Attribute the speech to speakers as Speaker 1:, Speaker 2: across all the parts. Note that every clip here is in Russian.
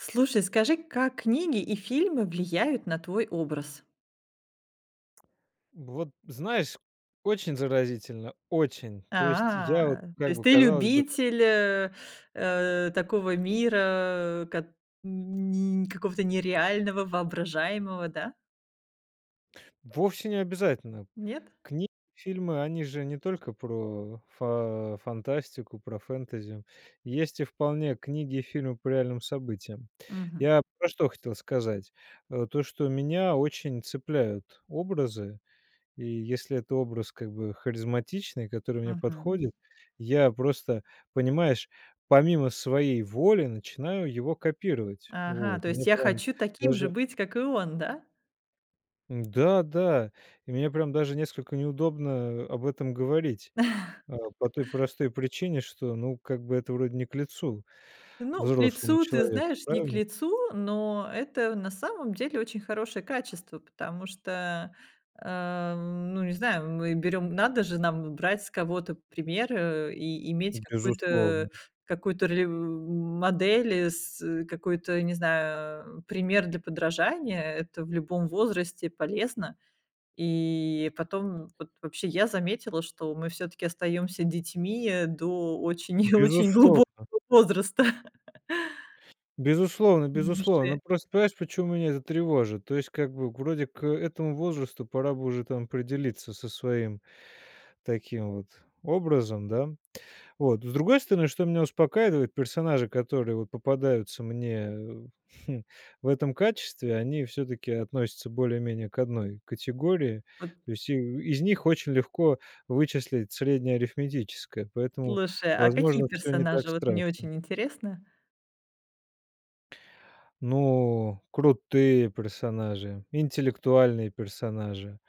Speaker 1: Слушай, скажи, как книги и фильмы влияют на твой образ?
Speaker 2: Вот знаешь очень заразительно, очень! То есть
Speaker 1: А,
Speaker 2: я вот
Speaker 1: то
Speaker 2: как
Speaker 1: есть
Speaker 2: бы,
Speaker 1: ты
Speaker 2: казалось бы
Speaker 1: любитель э, э, такого мира, кот ни какого-то нереального, воображаемого, да?
Speaker 2: Вовсе не обязательно.
Speaker 1: Нет?
Speaker 2: Кни фильмы они же не только про фа фантастику, про фэнтези, есть и вполне книги, фильмы по реальным событиям.
Speaker 1: Мгм.
Speaker 2: Я про что хотел сказать, э: то что меня очень цепляют образы и если это образ как бы харизматичный, который мне
Speaker 1: Мгм.
Speaker 2: подходит, я просто, понимаешь, помимо своей воли начинаю его копировать.
Speaker 1: Ага,
Speaker 2: Вот,
Speaker 1: то
Speaker 2: и
Speaker 1: есть
Speaker 2: мне
Speaker 1: я
Speaker 2: прям
Speaker 1: хочу таким же
Speaker 2: даже
Speaker 1: быть, как и он, да?
Speaker 2: Да-да. И мне прям даже несколько неудобно об этом говорить, а, по той простой причине, что, ну, как бы это вроде не к лицу
Speaker 1: Ну, к
Speaker 2: взрослому
Speaker 1: лицу, ты
Speaker 2: человеку,
Speaker 1: знаешь, не к
Speaker 2: правильно?
Speaker 1: лицу, но это, на самом деле, очень хорошее качество, потому что, ам, ну не знаю, мы берем надо же нам брать с кого-то пример, э, и иметь какую-то
Speaker 2: Безусловно.
Speaker 1: какую-то ролев модель, с какой-то, не знаю, пример для подражания. Это в любом возрасте полезно. И потом вот, вообще я заметила, что мы всё-таки остаемся детьми до очень и очень глубокого
Speaker 2: Безусловно.
Speaker 1: возраста.
Speaker 2: Безусловно,
Speaker 1: Ну, уже.
Speaker 2: безусловно. Просто понимаешь почему меня это тревожит. То есть как бы вроде к этому возрасту пора бы уже там определиться со своим таким вот образом, да. Вот, с другой стороны, что меня успокаивает- персонажи, которые вот попадаются мне, хм, в этом качестве, они всё-таки относятся более-менее к одной категории.
Speaker 1: Вот.
Speaker 2: То есть и из них очень легко вычислить среднее арифметическое, поэтому,
Speaker 1: Слушай, а какие
Speaker 2: возможно, всё не так
Speaker 1: персонажи, вот мне
Speaker 2: страшно.
Speaker 1: очень интересно?
Speaker 2: Ну, крутые персонажи, интеллектуальные персонажи,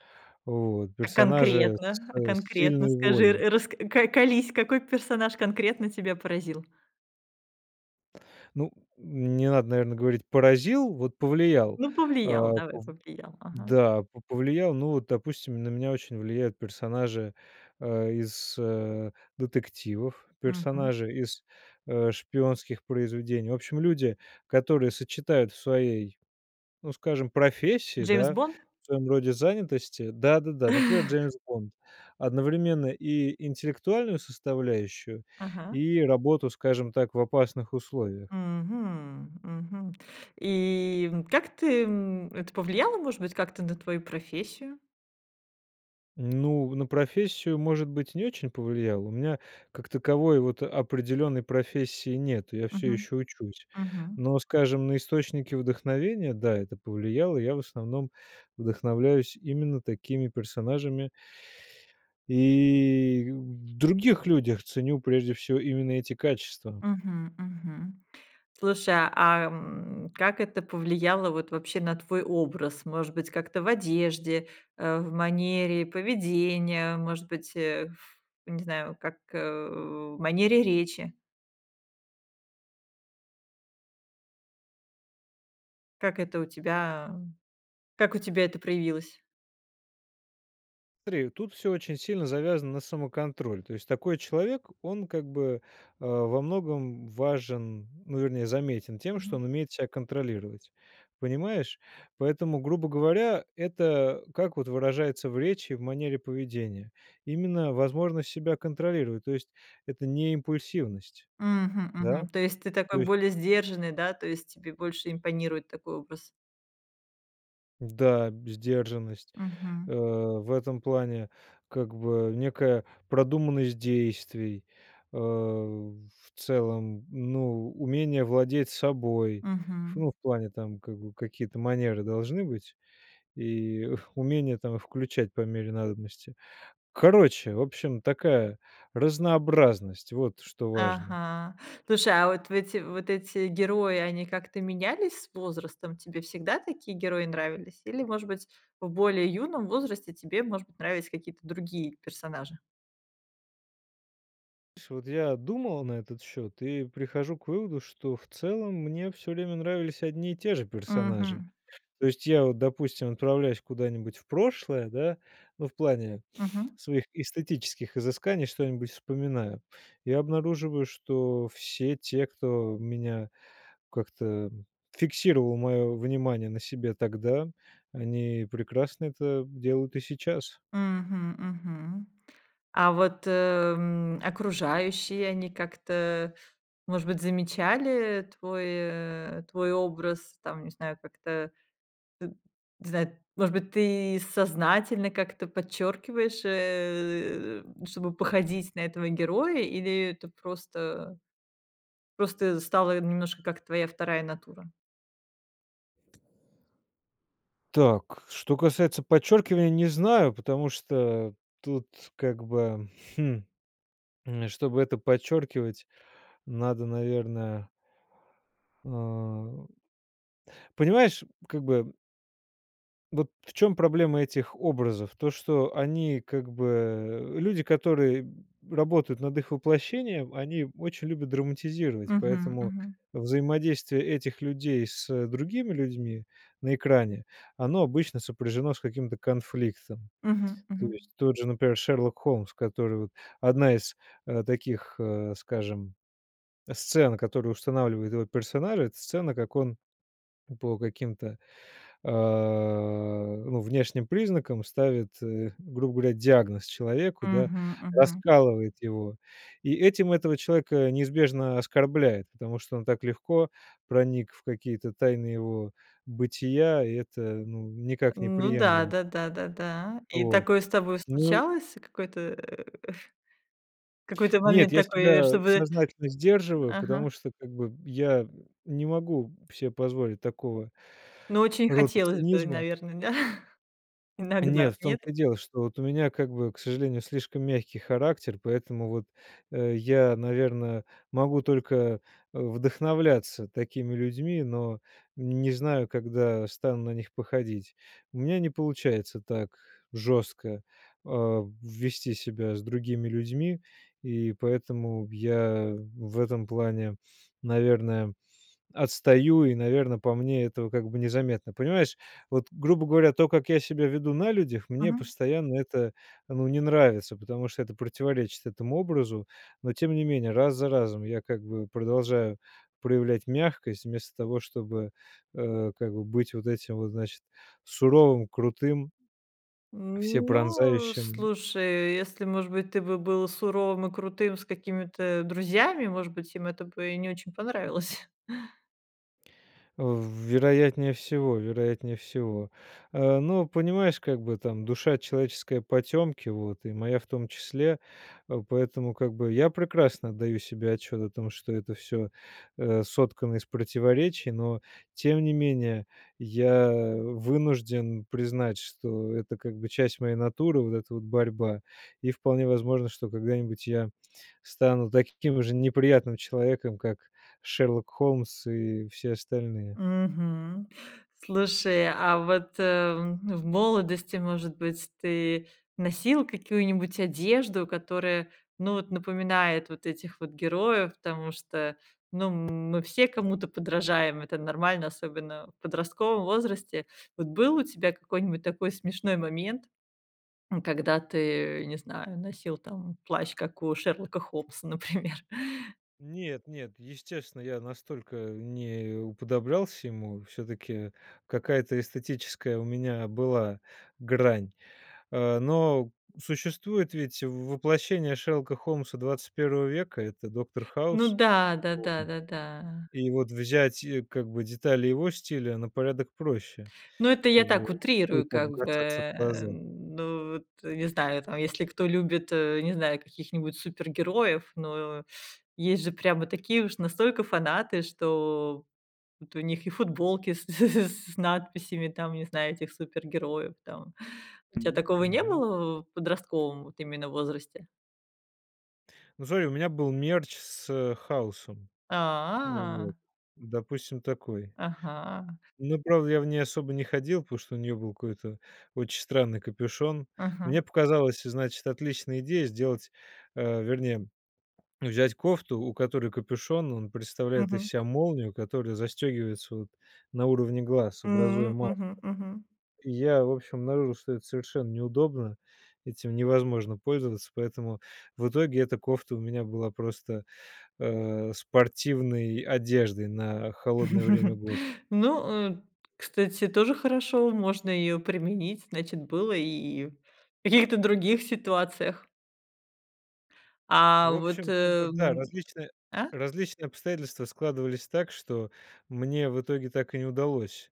Speaker 2: вот,
Speaker 1: А
Speaker 2: персонажи
Speaker 1: конкретно, а
Speaker 2: с
Speaker 1: конкретно
Speaker 2: сильной
Speaker 1: скажи,
Speaker 2: волей.
Speaker 1: рас ко колись, какой персонаж конкретно тебя поразил?
Speaker 2: Ну не надо, наверное, говорить поразил, вот повлиял.
Speaker 1: Ну повлиял,
Speaker 2: А,
Speaker 1: давай,
Speaker 2: п
Speaker 1: повлиял, ага.
Speaker 2: да, п повлиял, ну допустим, на меня очень влияют персонажи, э, из детективов,
Speaker 1: Мгм.
Speaker 2: персонажи из, э, шпионских произведений. В общем, люди которые сочетают в своей, ну скажем, профессии,
Speaker 1: Джеймс
Speaker 2: да,
Speaker 1: Бонд?
Speaker 2: в своем роде занятости, да-да-да, например Джеймс Бонд, одновременно и интеллектуальную составляющую
Speaker 1: Ага.
Speaker 2: и работу, скажем так, в опасных условиях.
Speaker 1: Мгм, мгм. И, м, как ты, м, это повлияло, может быть, как-то на твою профессию?
Speaker 2: Ну на профессию, может быть, не очень повлияло, у меня как таковой вот определенной профессии нет, я все
Speaker 1: Мгм,
Speaker 2: еще учусь,
Speaker 1: мгм.
Speaker 2: но, скажем, на источники вдохновения, да, это повлияло, я в основном вдохновляюсь именно такими персонажами. И в других людях ценю прежде всего именно эти качества.
Speaker 1: Мгм, мгм. Слушай, а, м, как это повлияло вот вообще на твой образ? Может быть как-то в одежде, э, в манере поведения, может быть, ф не знаю, как, э, в манере речи? Как это у тебя как у тебя это проявилось?
Speaker 2: Смотри, тут всё очень сильно завязано на самоконтроль. То есть такой человек- он, как бы, э, во многом важен, ну, вернее, заметен тем, что
Speaker 1: Мгм.
Speaker 2: он умеет себя контролировать. Понимаешь? Поэтому, грубо говоря, это как вот выражается в речи, в манере поведения? Именно возможность себя контролировать. То есть это не импульсивность.
Speaker 1: Мгм,
Speaker 2: Да?
Speaker 1: мгм. То есть ты такой
Speaker 2: То есть
Speaker 1: более сдержанный, да, то есть тебе больше импонирует такой образ?
Speaker 2: Да, б сдержанность.
Speaker 1: Мгм.
Speaker 2: Э, в этом плане, как бы, некая продуманность действий, э, в целом, ну, умение владеть собой. Ф
Speaker 1: Мгм.
Speaker 2: ну, в плане там, как бы, какие-то манеры должны быть, и умение там включать по мере надобности. Короче, в общем, такая разнообразность- вот что важно.
Speaker 1: Ага. Слушай, а вот в эти вот эти герои, они как-то менялись с возрастом? Тебе всегда такие герои нравились? Или, может быть, в более юном возрасте тебе, может быть, нравились какие-то другие персонажи?
Speaker 2: Су вот я думал на этот счет и прихожу к выводу, что в целом мне всё время нравились одни и те же персонажи.
Speaker 1: Мгм.
Speaker 2: То есть я вот, допустим, отправляясь куда-нибудь в прошлое, да- ну в плане
Speaker 1: Мгм.
Speaker 2: своих эстетических изысканий что-нибудь вспоминаю- и обнаруживаю, что все те, кто меня как-то фиксировал мое внимание на себе тогда, они прекрасно это делают и сейчас.
Speaker 1: Мгм, мгм. А вот, э, м, окружающие, они как-то, может быть, замечали твой, э, твой образ, там не знаю, как-то, э, не знаю, может быть, ты сознательно как-то подчеркиваешь, э, м, чтобы походить на этого героя, или это просто, просто стало немножко, как твоя вторая натура?
Speaker 2: Так, что касается подчеркивания, не знаю, потому что тут как бы, хм, м, чтобы это подчеркивать, надо, наверное эм, понимаешь, как бы Вот в чём проблема этих образов? То, что они как бы люди, которые работают над их воплощением, они очень любят драматизировать,
Speaker 1: Мгм,
Speaker 2: поэтому
Speaker 1: мгм.
Speaker 2: взаимодействие этих людей с другими людьми на экране, оно обычно сопряжено с каким-то конфликтом.
Speaker 1: Мгм,
Speaker 2: То
Speaker 1: мгм.
Speaker 2: есть тот же, например, Шерлок Холмс, который вот 1 из, э, таких, э, скажем, сцен, которую устанавливает его персоналия- это сцена, как он по каким-то, а, ну внешним признакам ставит, э, грубо говоря, диагноз человеку, да,
Speaker 1: Мгм, мгм.
Speaker 2: раскалывает его, и этим этого человека неизбежно оскорбляет, потому что он так легко проник в какие-то тайны его бытия, и это, ну, никак не
Speaker 1: Ну да,
Speaker 2: приемлемо.
Speaker 1: да да да да. И
Speaker 2: Вот.
Speaker 1: такое с тобой
Speaker 2: Ну
Speaker 1: случалось? Какой-то, э, эх, какой-то
Speaker 2: Нет,
Speaker 1: момент
Speaker 2: я
Speaker 1: такой, э,
Speaker 2: себя
Speaker 1: чтобы
Speaker 2: сознательно сдерживаю, потому
Speaker 1: Ага.
Speaker 2: что как бы я н не могу се позволить такого
Speaker 1: Но очень
Speaker 2: рода
Speaker 1: хотелось бы,
Speaker 2: цинизма.
Speaker 1: наверно, да? Иногда?
Speaker 2: Нет, в том
Speaker 1: Нет?
Speaker 2: то и дело, что вот у меня как бы, к сожалению, слишком мягкий характер, поэтому вот, э, я, наверное, могу только, э, вдохновляться такими людьми, но не знаю, когда стану на них походить. У меня не получается так жестко, а, вести себя с другими людьми и поэтому я в этом плане, наверное, отстаю и, наверно, по мне этого как бы незаметно. Понимаешь, вот, грубо говоря, то, как я себя веду на людях, мне
Speaker 1: Мгм.
Speaker 2: постоянно это, ну, не нравится, потому что это противоречит этому образу, но, тем не менее, раз за разом я как бы продолжаю проявлять мягкость, вместо того, чтобы, э, как бы быть вот этим вот, значит, суровым, крутым,
Speaker 1: Ну,
Speaker 2: всепронзающим.
Speaker 1: слушай, если, может быть, ты бы был суровым и крутым с какими-то друзьями, может быть, им это бы и не очень понравилось.
Speaker 2: Э, в вероятнее всего, вероятнее всего. А, ну понимаешь, как бы там душа человеческая потемки, вот, и моя в том числе. А, поэтому как бы я прекрасно отдаю себе отчет о том что это всё, э, соткано из противоречий. Но, тем не менее я вынужден признать, что это как бы часть моей натуры, вот эта вот борьба, и вполне возможно, что когда-нибудь я стану таким же неприятным человеком, как Шерлок Холмс и все остальные.
Speaker 1: Мгм. Слушай, а вот, а, в молодости может быть ты носил какую-нибудь одежду, которая ну вот напоминает вот этих вот героев? Потому что, ну м мы все кому-то подражаем, это нормально, особенно в подростковом возрасте. Вот был у тебя какой-нибудь такой смешной момент, м, когда ты, не знаю, носил там плащ, как у Шерлока Холмса, например?
Speaker 2: Нет, нет, естественно я настолько не уподоблялся ему. Всё-таки какая-то эстетическая у меня была грань. А, но существует ведь воплощение Шерлока Холмса 21 века- это Доктор
Speaker 1: Ну
Speaker 2: Хаус.
Speaker 1: да, да-да,
Speaker 2: [unintelligible]
Speaker 1: да-да.
Speaker 2: И вот взять, э, как бы детали его стиля на порядок проще.
Speaker 1: Ну это я
Speaker 2: Как бы
Speaker 1: так,
Speaker 2: вот не будет
Speaker 1: утрирую
Speaker 2: так
Speaker 1: как бы,
Speaker 2: бросаться в
Speaker 1: э.
Speaker 2: глаза.
Speaker 1: Ну вот, не знаю там, если кто любит, э, не знаю каких-нибудь супергероев. Но, есть же прямо такие уж настолько фанаты, что вот у них и футболки с с с надписями там, не знаю, этих супергероев, там. У тя
Speaker 2: Мгм,
Speaker 1: такого не
Speaker 2: мгм.
Speaker 1: было в подростковом вот именно возрасте?
Speaker 2: Ну смотри, у меня был мерч с Хаусом,
Speaker 1: А.
Speaker 2: вот, допустим, такой.
Speaker 1: Ага.
Speaker 2: Ну, правда, я в ней особо не ходил, потому что у нее был какой-то очень странный капюшон.
Speaker 1: Мгм.
Speaker 2: Мне показалось, значит, отличная идея- сделать, э, вернее, взять кофту, у которой капюшон- он представляет из
Speaker 1: Мгм.
Speaker 2: себя молнию, которая застегивается вот на уровне глаз, образуя
Speaker 1: М.
Speaker 2: маску.
Speaker 1: Мгм, мгм.
Speaker 2: Я в общем обнаружил, что это совершенно неудобно, этим невозможно пользоваться, поэтому в итоге эта кофта у меня была просто, э, спортивной одеждой на холодное время года.
Speaker 1: Ну, э, кстати, тоже хорошо. Можно ее применить, значит, было и в каких-то других ситуациях. А
Speaker 2: В
Speaker 1: вот,
Speaker 2: общем как бы, да,
Speaker 1: эм.
Speaker 2: различные,
Speaker 1: А?
Speaker 2: различные обстоятельства складывались так, что мне в итоге так и не удалось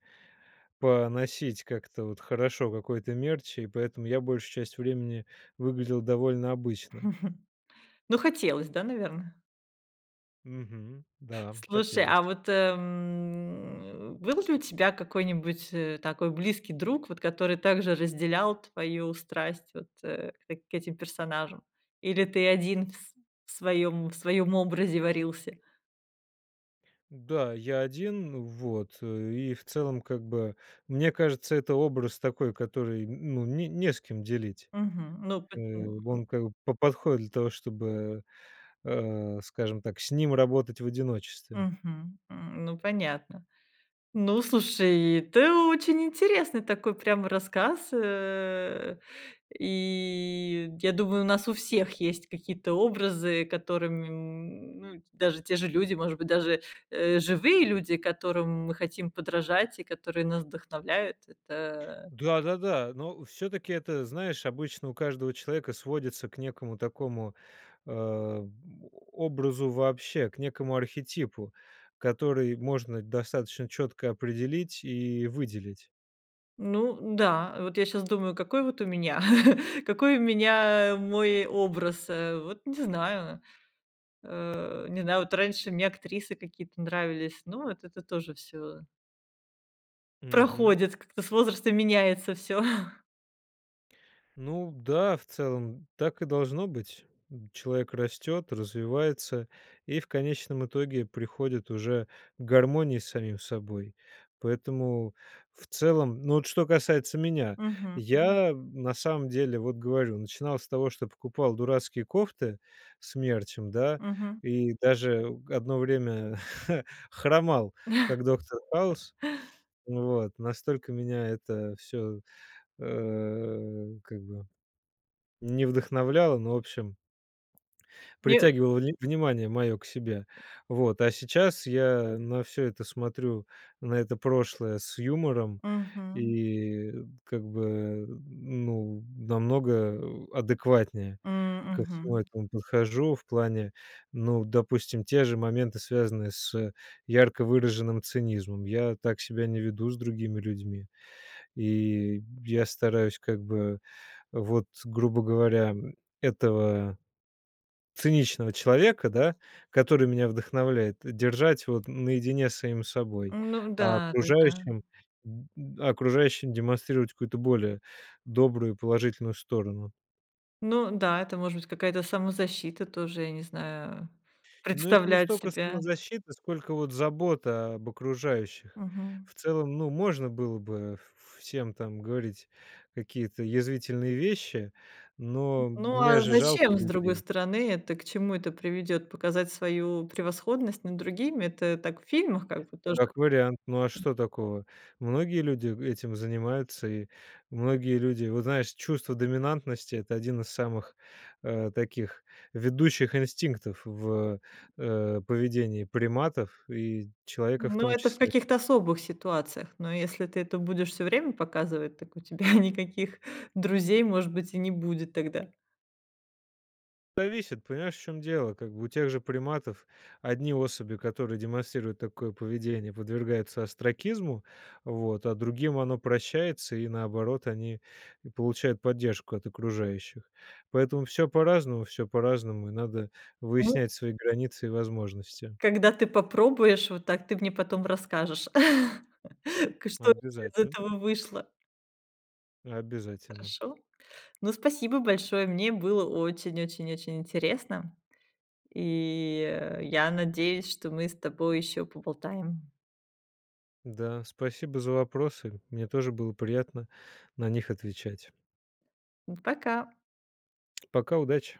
Speaker 2: поносить как-то вот хорошо какой-то мерч и поэтому я большую часть времени выглядел довольно обычно.
Speaker 1: Ну, хотелось, да, наверно?
Speaker 2: Мгм. Да,
Speaker 1: Слушай, а
Speaker 2: хотелось.
Speaker 1: вот, м, был ли у тебя какой-нибудь, э, такой близкий друг, вот который также разделял твою страсть вот, э, к этим персонажам или ты один в св в своем, в своем образе варился.
Speaker 2: Да, я один вот, э, и, в целом, как бы. Мне кажется это образ такой который, ну н не с кем делить.
Speaker 1: Мгм. Ну по
Speaker 2: Э,
Speaker 1: [unintelligible]
Speaker 2: он как бы п подходит для того чтобы, а, скажем так с ним работать в одиночестве.
Speaker 1: Мгм. Ну понятно. Ну, слушай, ты очень интересный такой прямо рассказ, э. И я думаю, у нас у всех есть какие-то образы, которым, м, даже те же люди, может быть, даже, э, живые люди, которым мы хотим подражать и которые нас вдохновляют, это
Speaker 2: Да, да, да. Но все-таки это, знаешь, обычно у каждого человека сводится к некому такому, а, образу вообще, к некоему архетипу, который можно достаточно четко определить и выделить.
Speaker 1: Ну, да, вот я щас думаю, какой вот у меня, какой у меня мой образ, э. Вот не знаю, э, не знаю, вот раньше мне актрисы какие-то нравились. Но вот это тоже всё
Speaker 2: Мгм.
Speaker 1: проходит, как-то с возрастом меняется всё.
Speaker 2: Ну да, в целом, так и должно быть. М, человек растет, развивается и в конечном итоге приходит уже к гармонии с самим собой, поэтому, в целом, ну вот что касается меня,
Speaker 1: Мгм. Мгм.
Speaker 2: я, м, на самом деле вот, говорю, начинал с того, что я покупал дурацкие кофты с мерчем, да,
Speaker 1: Мгм.
Speaker 2: и даже одно время хромал, как доктор Хаус. Вот, настолько меня это всё, э, как бы не вдохновляло, но в общем
Speaker 1: Мне
Speaker 2: притягивало вн внимание моё к себе. Вот. А сейчас я на всё это смотрю, на это прошлое с юмором
Speaker 1: Мгм.
Speaker 2: и, э, как бы н ну намного адекватнее
Speaker 1: М.
Speaker 2: ко всему
Speaker 1: Мгм.
Speaker 2: этому подхожу в плане, ну, допустим, те же моменты связанные с ярко выраженным цинизмом: я так себя не веду с другими людьми и я стараюсь как бы вот, грубо говоря, м, этого циничного человека, да, который меня вдохновляет, держать вот наедине с самим собой,
Speaker 1: М, ну,
Speaker 2: а
Speaker 1: да-да-да.
Speaker 2: окружающим д д а окружающим демонстрировать какую-то более добрую и положительную сторону.
Speaker 1: Ну да, это может быть какая-то самозащита тоже, я не знаю, а,
Speaker 2: Ну это не
Speaker 1: представлять
Speaker 2: столько
Speaker 1: себя.
Speaker 2: самозащита, сколько вот забота об окружающих.
Speaker 1: Мгм.
Speaker 2: В целом, ну, можно было бы в всем там говорить какие-то язвительные вещи,
Speaker 1: М,
Speaker 2: но
Speaker 1: ну
Speaker 2: мне
Speaker 1: а
Speaker 2: же жалко
Speaker 1: зачем, с другой
Speaker 2: людей.
Speaker 1: стороны, это к чему это приведет: показать свою превосходность над другими? Это так в фильмах как бы тоже.
Speaker 2: Как вариант, ну а что такого? Многие люди этим занимаются, и многие люди вот знаешь, чувство доминантности- это один из самых, э, таких ведущих инстинктов в, э, поведении приматов и человека в
Speaker 1: Ну,
Speaker 2: том
Speaker 1: это в
Speaker 2: числе.
Speaker 1: каких-то особых ситуациях. Но если ты это будешь всё время показывать, так у тебя никаких друзей, может быть, и не будет тогда.
Speaker 2: Зависит, понимаешь в чём дело. Как бы у тех же приматов одни особи, которые демонстрируют такое поведение, подвергаются остракизму, вот, а другим оно прощается и, наоборот, они получают поддержку от окружающих. Поэтому всё по-разному, всё по-разному, и надо
Speaker 1: Мгм.
Speaker 2: выяснять свои границы и возможности.
Speaker 1: Когда ты попробуешь вот так, ты мне потом расскажешь, к что вообще из
Speaker 2: Обязательно.
Speaker 1: этого вышло.
Speaker 2: Обязательно.
Speaker 1: Хорошо? Ну, спасибо большое. Мне было очень-очень-очень интересно. И, я надеюсь, что мы с тобой еще поболтаем.
Speaker 2: Да. Спасибо за вопросы, мне тоже было приятно на них отвечать.
Speaker 1: М, пока.
Speaker 2: Пока, удачи!